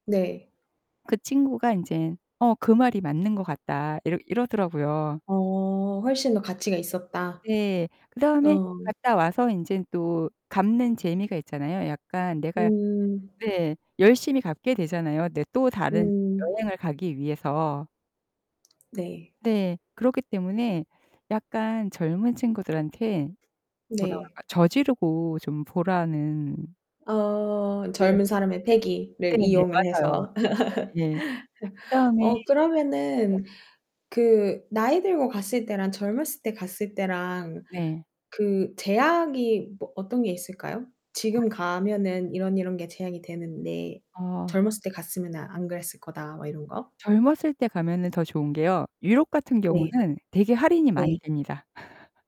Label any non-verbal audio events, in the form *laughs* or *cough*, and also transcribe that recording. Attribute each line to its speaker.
Speaker 1: 네.
Speaker 2: 그 친구가 인제 "어 그 말이 맞는 것 같다." 이러 이러더라고요.
Speaker 1: 어 "훨씬 더 가치가 있었다."
Speaker 2: 예. 그다음에
Speaker 1: 어.
Speaker 2: 갔다 와서 인제 또 갚는 재미가 있잖아요. 약간 내가
Speaker 1: 음.
Speaker 2: 네 열심히 갚게 되잖아요 네 또 다른
Speaker 1: 음.
Speaker 2: 여행을 가기 위해서.
Speaker 1: 네.
Speaker 2: 네. 그렇기 때문에 약간 젊은 친구들한테 뭐라
Speaker 1: 네.
Speaker 2: 그럴까 저지르고 좀 보라는
Speaker 1: 어
Speaker 2: *unintelligible*
Speaker 1: 젊은 사람의 패기를
Speaker 2: 네네.
Speaker 1: 이용을
Speaker 2: 맞아요.
Speaker 1: 해서.
Speaker 2: 네. 예.
Speaker 1: *laughs*
Speaker 2: 그다음에 예.
Speaker 1: 어 그러면은 그 나이 들고 갔을 때랑 젊었을 때 갔을 때랑
Speaker 2: 네.
Speaker 1: 그 제약이 뭐 어떤 게 있을까요? "지금
Speaker 2: 아.
Speaker 1: 가면은 이런, 이런 게 제약이 되는데
Speaker 2: 어.
Speaker 1: 젊었을 때 갔으면은 안 그랬을 거다." 뭐 이런 거?
Speaker 2: 젊었을 때 가면은 더 좋은 게요. 유럽 같은
Speaker 1: 네.
Speaker 2: 경우는 되게 할인이 많이
Speaker 1: 네.
Speaker 2: 됩니다. *laughs*